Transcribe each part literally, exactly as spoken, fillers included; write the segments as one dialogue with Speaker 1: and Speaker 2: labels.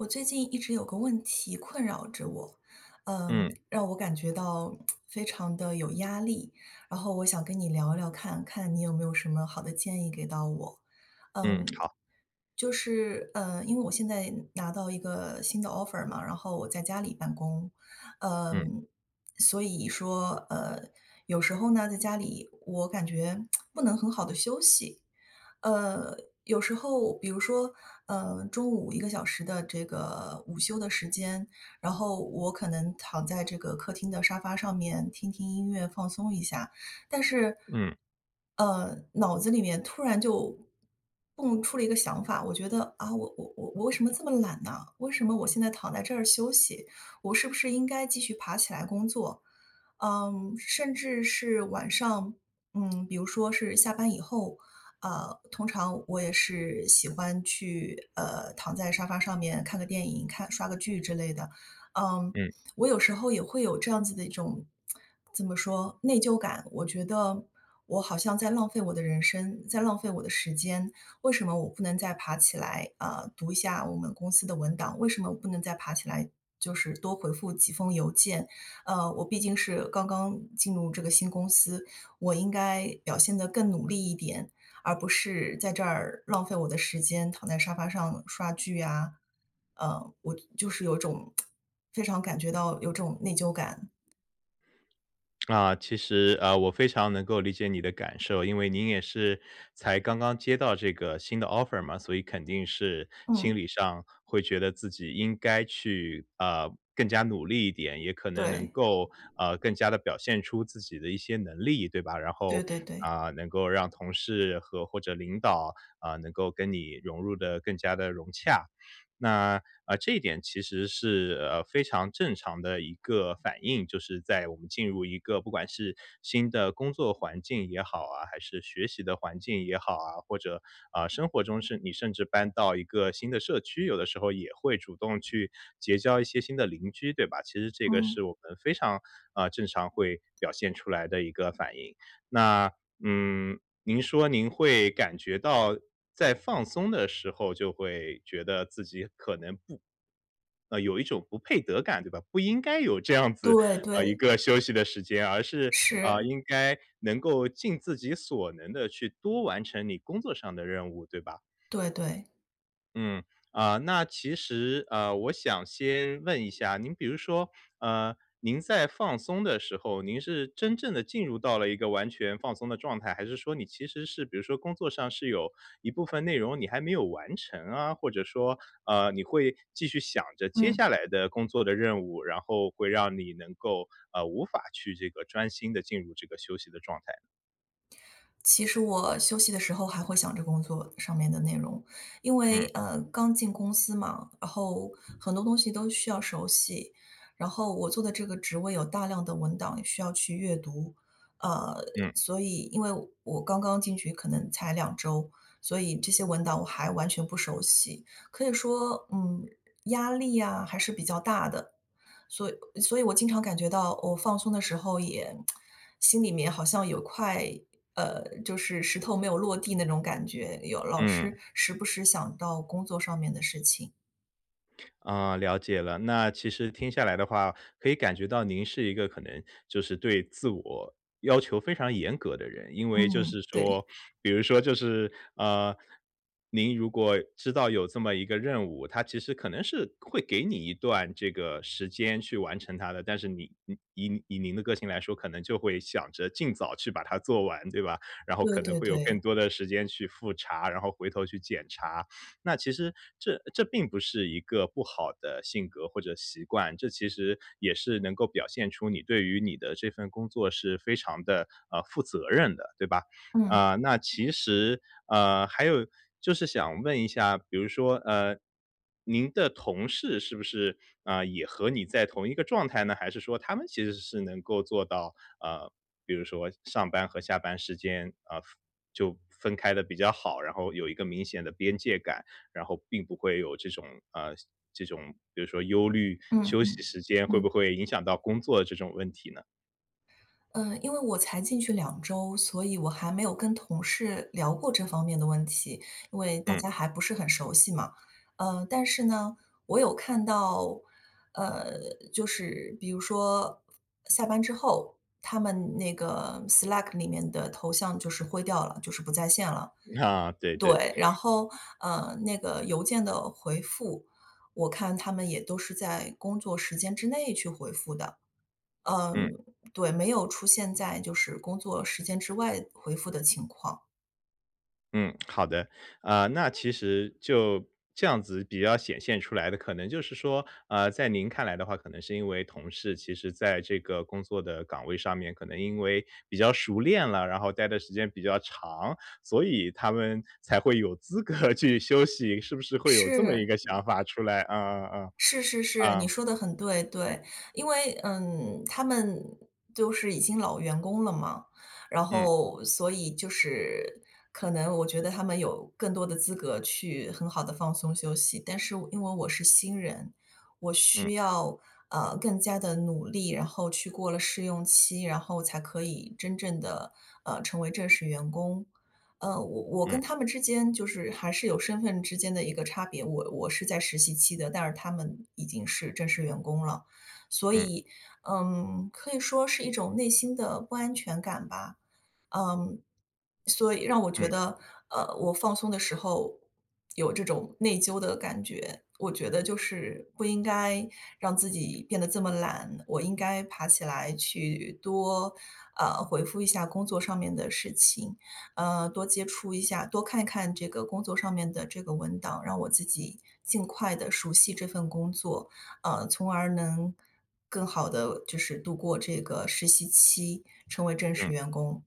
Speaker 1: 我最近一直有个问题困扰着我，嗯，
Speaker 2: 嗯。
Speaker 1: 让我感觉到，非常地有压力。然后我想跟你聊聊看，看你有没有什么好的建议给到我。
Speaker 2: 嗯，
Speaker 1: 嗯，
Speaker 2: 好。
Speaker 1: 就是，呃，因为我现在拿到一个新的 Offer 嘛，然后我在家里办公。
Speaker 2: 嗯。
Speaker 1: 嗯，所以说，呃，有时候呢，在家里我感觉，不能很好地休息。呃，有时候比如说，呃，中午一个小时的这个午休的时间，然后我可能躺在这个客厅的沙发上面听听音乐，放松一下，但是，
Speaker 2: 嗯。
Speaker 1: 呃，脑子里面突然就，蹦出了一个想法：我觉得，啊，我我我我为什么这么懒呢？为什么我现在躺在这儿休息？我是不是应该继续爬起来工作？嗯，甚至是晚上，嗯，比如说是下班以后，啊，通常我也是喜欢去，呃，躺在沙发上面看个电影，看刷个剧之类的。嗯，
Speaker 2: 嗯。
Speaker 1: 我有时候也会有这样子的一种 怎么说内疚感。我觉得，我好像在浪费我的人生，在浪费我的时间。为什么我不能再爬起来，啊，读一下我们公司的文档？为什么不能再爬起来，就是多回复几封邮件？呃，我毕竟是刚刚进入这个新公司，我应该表现得更努力一点，而不是在这儿，浪费我的时间，躺在沙发上刷剧啊。呃，我就是有种 非常感觉到有种内疚感。
Speaker 2: 啊，其实，呃，我非常能够理解你的感受。因为您也是才刚刚接到这个新的 offer 嘛，所以肯定是
Speaker 1: 嗯。
Speaker 2: 心理上会觉得自己应该去，啊，更加努力一点，也可能能
Speaker 1: 对。
Speaker 2: 够，呃，更加地表现出自己的一些能力，对吧？然后，
Speaker 1: 对对对。
Speaker 2: 啊，能够让同事和或者领导，呃，能够跟你融入的更加得融洽，那，呃，这一点其实是，呃，非常正常的一个反应，就是在我们进入一个不管是新的工作环境也好啊，还是学习的环境也好啊，或者，啊，生活中甚你甚至搬到一个新的社区，有的时候也会主动去结交一些新的邻居，对吧？其实这个
Speaker 1: 嗯。
Speaker 2: 是我们非常，啊，正常会表现出来的一个反应。那，嗯，您说您会感觉到在放松的时候就会觉得自己可能不呃，有一种不配得感，对吧？不应该有这样子，
Speaker 1: 对
Speaker 2: 呃，一
Speaker 1: 对。
Speaker 2: 个休息的时间。而是，啊，
Speaker 1: 是。
Speaker 2: 应该能够尽自己所能地去多完成你工作上的任务，对吧？
Speaker 1: 对对。
Speaker 2: 嗯。啊，那其实呃我想先问一下，您比如说呃，您在放松的时候，您是真正地进入到了一个完全放松的状态？还是说你其实是比如说工作上是有一部分内容，你还没有完成啊？或者说，呃你会，继续想着接
Speaker 1: 嗯。
Speaker 2: 下来的工作的任务，然后会让你能够，啊无法去这个专心地进入这个休息的状态？
Speaker 1: 其实我休息的时候还会想着工作上面的内容。因为
Speaker 2: 嗯。
Speaker 1: 呃刚进公司嘛，然后，很多东西都需要熟悉，然后我做的这个职位有大量的文档需要去阅读。呃，
Speaker 2: 嗯。
Speaker 1: 所以因为我刚刚进去可能才两周，所以这些文档我还完全不熟悉。可以说，嗯，压力啊还是比较大的，所以所以我经常感觉到我放松的时候也，心里面好像有块，呃，就是石头没有落地那种感觉，有老是
Speaker 2: 嗯。
Speaker 1: 时不时想到工作上面的事情。
Speaker 2: 啊，了解了，那其实听下来的话，可以感觉到您是一个可能，就是对自我，要求非常严格的人。因为就
Speaker 1: 嗯，
Speaker 2: 是
Speaker 1: 对。
Speaker 2: 说比如说就是，呃，您如果知道有这么一个任务，它其实可能是，会给你一段这个时间去完成它的。但是你以以您的个性来说，可能就会想着尽早去把它做完，对吧？然后
Speaker 1: 对
Speaker 2: 可能
Speaker 1: 对
Speaker 2: 会有更
Speaker 1: 对。
Speaker 2: 多的时间去复查，然后回头去检查。那其实，这这并不是一个不好的性格或者习惯，这其实，也是能够表现出你对于你的这份工作是非常地，呃，负责任的，对吧？
Speaker 1: 嗯。
Speaker 2: 啊，那其实呃，还有，就是想问一下，比如说呃，您的同事是不是，啊，也和你在同一个状态呢？还是说他们其实是能够做到，呃，比如说上班和下班时间，啊，就分开得比较好，然后有一个明显的边界感，然后并不会有这种呃，这种比如说忧虑，
Speaker 1: 嗯
Speaker 2: 休息
Speaker 1: 嗯，
Speaker 2: 时间会
Speaker 1: 嗯。
Speaker 2: 不会影响到工作这种问题呢？
Speaker 1: 嗯，因为我才进去两周，所以我还没有跟同事聊过这方面的问题，因为大
Speaker 2: 嗯。
Speaker 1: 家还不是很熟悉嘛。呃，但是呢，我有看到，呃，就是比如说，下班之后，他们那个，Slack 里面的头像就是灰掉了，就是不在线了。
Speaker 2: 对对。
Speaker 1: 对，然后，呃，那个邮件的回复，我看他们也都是在工作时间之内去回复的。
Speaker 2: 嗯。
Speaker 1: 嗯，对，没有出现在就是工作时间之外，回复的情况。
Speaker 2: 嗯，好的。啊，那其实就这样子比较显现出来的，可能就是说，呃，在您看来的话，可能是因为同事其实在这个工作的岗位上面，可能因为，比较熟练了，然后待的时间比较长，所以他们，才会有资格去休息，是不是会有这么一
Speaker 1: 是。
Speaker 2: 个想法出来？啊啊啊。
Speaker 1: 是是是，你
Speaker 2: 啊。
Speaker 1: 说得很对，对。因为，嗯，他们，都是已经老员工了嘛，然
Speaker 2: 嗯。
Speaker 1: 后，所以就是，可能我觉得他们有，更多的资格去很好地放松休息。但是我因为我是新人，我
Speaker 2: 嗯。
Speaker 1: 需要，呃，更加地努力，然后去过了试用期，然后才可以，真正地，呃，成为正式员工。呃，我我
Speaker 2: 嗯。
Speaker 1: 跟他们之间就是还是有身份之间的一个差别。我我是在实习期的，但是他们，已经是正式员工了。所
Speaker 2: 嗯。
Speaker 1: 以，嗯，可以说是一种内心的不安全感吧。嗯，所以让我觉
Speaker 2: 嗯。
Speaker 1: 得，呃，我放松的时候，有这种内疚的感觉。我觉得就是，不应该，让自己变得这么懒，我应该爬起来去，多，呃，回复一下工作上面的事情，呃，多接触一下多看看这个工作上面的这个文档，让我自己，尽快地熟悉这份工作，啊，从而能更好地就是度过这个实习期，成为正式
Speaker 2: 嗯。
Speaker 1: 员工。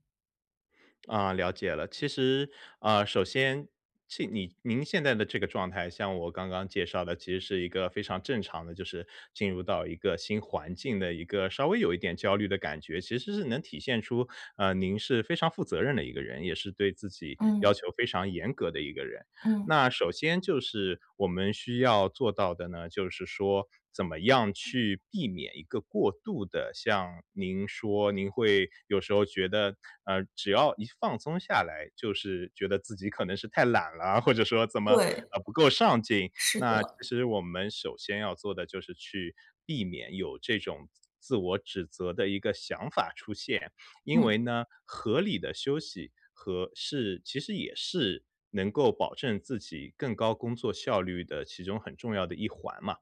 Speaker 2: 啊，了解了。其实啊，首先，其你您现在的这个状态，像我刚刚介绍的其实是一个非常正常的，就是进入到一个新环境的一个稍微有一点焦虑的感觉。其实是能体现出，呃，您是非常负责任的一个人，也是对自己要
Speaker 1: 嗯。
Speaker 2: 求非常严格的一个人。
Speaker 1: 嗯。
Speaker 2: 那首先就是我们需要做到的呢，就是说怎么样去避免一个过度的，像您说您会有时候觉得，呃，只要一放松下来，就是觉得自己可能是太懒了，或者说怎么，
Speaker 1: 对。
Speaker 2: 呃，不够上进。
Speaker 1: 是
Speaker 2: 那其
Speaker 1: 的。
Speaker 2: 实我们首先要做的就是去避免有这种自我指责的一个想法出现。因
Speaker 1: 嗯。
Speaker 2: 为呢，合理的休息和是其实也是能够保证自己更高工作效率的其中很重要的一环嘛。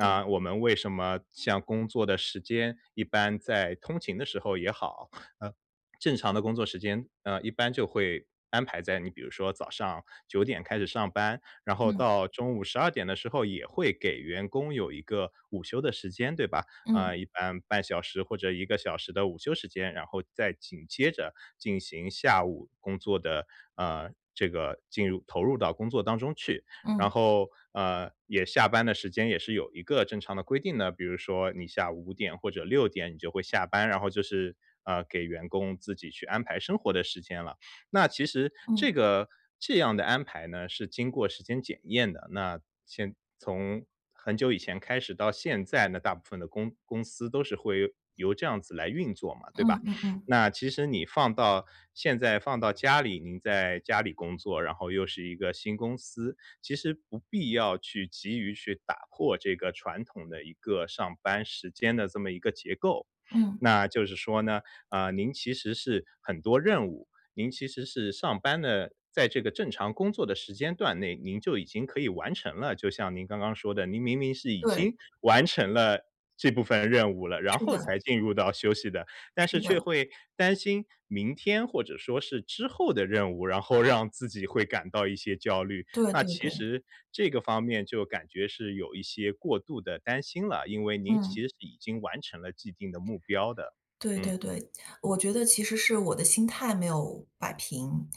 Speaker 1: 对。
Speaker 2: 我们为什么像工作的时间，一般在通勤的时候也好，呃，正常的工作时间，呃，一般就会安排在你比如说早上九点开始上班，然后
Speaker 1: 嗯。
Speaker 2: 到中午十二点的时候也会给员工有一个午休的时间，对吧？
Speaker 1: 嗯。
Speaker 2: 嗯，一般半小时或者一个小时的午休时间，然后再紧接着进行下午工作的，呃，这个，进入投入到工作当中去。然
Speaker 1: 嗯。
Speaker 2: 后，呃，也下班的时间也是有一个正常的规定的，比如说你下午五点或者六点你就会下班，然后就是，呃，给员工自己去安排生活的时间了。那其实这
Speaker 1: 嗯。
Speaker 2: 个这样的安排呢，是经过时间检验的。那先从很久以前开始到现在呢，大部分的公公司都是会由这样子来运作嘛，对吧？
Speaker 1: 嗯嗯嗯。
Speaker 2: 那其实你放到现在放到家里，您在家里工作，然后又是一个新公司，其实不必要去急于去打破这个传统的一个上班时间的这么一个结构。
Speaker 1: 嗯。
Speaker 2: 那就是说呢，嗯，您其实是很多任务，您其实是上班的，在这个正常工作的时间段内，您就已经可以完成了。就像您刚刚说的，您明明是已
Speaker 1: 对。
Speaker 2: 经完成了这部分任务了，然
Speaker 1: 是
Speaker 2: 后
Speaker 1: 的。
Speaker 2: 才进入到休息的。但是
Speaker 1: 是
Speaker 2: 却
Speaker 1: 的。
Speaker 2: 会担心明天或者说是之后的任务，然后让自己会感到一些焦虑。
Speaker 1: 对
Speaker 2: 那
Speaker 1: 对
Speaker 2: 其
Speaker 1: 对。
Speaker 2: 实这个方面就感觉是有一些过度地担心了，因为您其
Speaker 1: 嗯。
Speaker 2: 实已经完成了既定的目标的。
Speaker 1: 对
Speaker 2: 嗯。
Speaker 1: 对对。我觉得其实是我的心态没有摆平。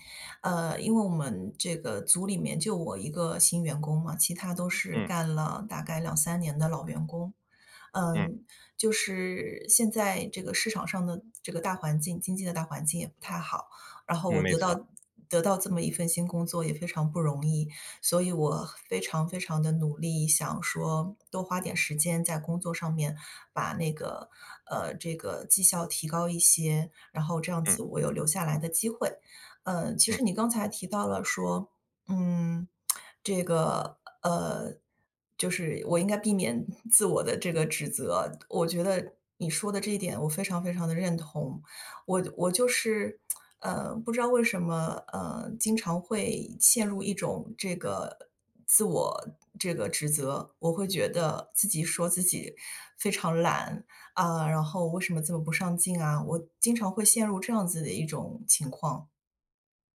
Speaker 1: 嗯，因为我们这个组里面就我一个新员工嘛，其他都是
Speaker 2: 嗯。
Speaker 1: 干了大概两三年的老员工。
Speaker 2: 嗯。
Speaker 1: 嗯，就是现在这个市场上的这个大环境，经济的大环境也不太好。然后
Speaker 2: 嗯，
Speaker 1: 我
Speaker 2: 没
Speaker 1: 得
Speaker 2: 错。
Speaker 1: 到得到这么一份新工作也非常不容易，所以我非常非常地努力，想说多花点时间在工作上面，把那个呃，这个绩效提高一些，然后这样
Speaker 2: 嗯。
Speaker 1: 子我有留下来的机会。呃，其
Speaker 2: 嗯。
Speaker 1: 实你刚才提到了说，嗯，这个，呃，就是我应该避免 自我地这个指责。我觉得你说的这一点我非常非常地认同。我我就是，呃，不知道为什么，呃，经常会陷入一种这个自我这个指责。我会觉得自己说自己非常懒，啊，然后为什么这么不上进啊，我经常会陷入这样子的一种情况。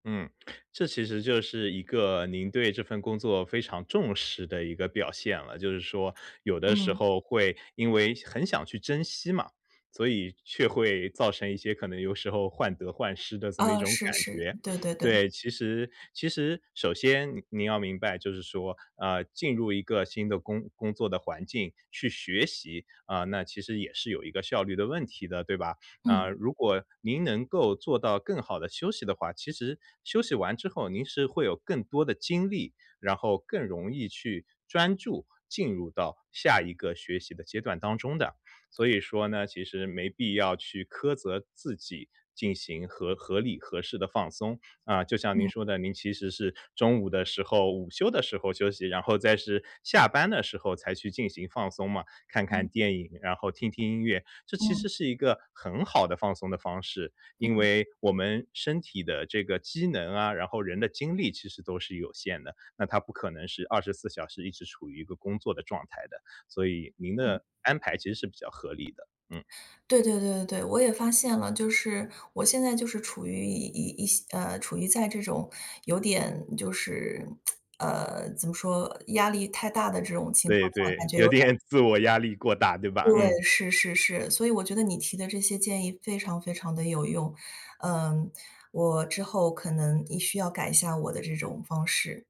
Speaker 2: 嗯，这其实就是一个，您对这份工作非常重视的一个表现了。就是说，有的时
Speaker 1: 嗯。
Speaker 2: 候会因为很想去珍惜嘛，所以却会造成一些可能有时候患得患失的这么一
Speaker 1: 哦，
Speaker 2: 种
Speaker 1: 是
Speaker 2: 感
Speaker 1: 是。
Speaker 2: 觉。
Speaker 1: 对对对。
Speaker 2: 对，其实其实首先您要明白，就是说，呃，进入一个新的工工作的环境，去学习，呃，那其实也是有一个效率的问题的，对吧？啊，
Speaker 1: 嗯。
Speaker 2: 如果您能够做到更好地休息的话，其实，休息完之后您是会有更多的精力，然后更容易去，专注，进入到，下一个学习的阶段当中的。所以说呢，其实没必要去苛责自己，进行合合理、合适的放松。啊，就像您
Speaker 1: 嗯。
Speaker 2: 说的，您其实是，中午的时候午休的时候休息，然后再是，下班的时候才去进行放松嘛，看
Speaker 1: 嗯。
Speaker 2: 看电影、然后听听音乐、这其
Speaker 1: 嗯。
Speaker 2: 实是一个，很好的放松的方式。因
Speaker 1: 嗯。
Speaker 2: 为我们身体的这个机能啊，然后人的精力其实都是有限的，那它不可能是二十四时一直处于一个工作的状态的，所以您
Speaker 1: 嗯。
Speaker 2: 的安排其实是比较合理的，嗯。
Speaker 1: 对对对对对，我也发现了，就是，我现在就是处于一一一些呃，处于在这种，有点就是，呃，怎么说？压力太大的这种情
Speaker 2: 对
Speaker 1: 况下，感
Speaker 2: 对，
Speaker 1: 觉有
Speaker 2: 有
Speaker 1: 点儿
Speaker 2: 点自我压力过大对吧？
Speaker 1: 对，
Speaker 2: 嗯。
Speaker 1: 是是是。所以我觉得你提的这些建议非常非常地有用。嗯，我之后可能一需要改一下我的这种方式。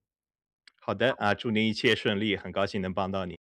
Speaker 2: 好的。啊，祝您一切顺利，很高兴能帮到你。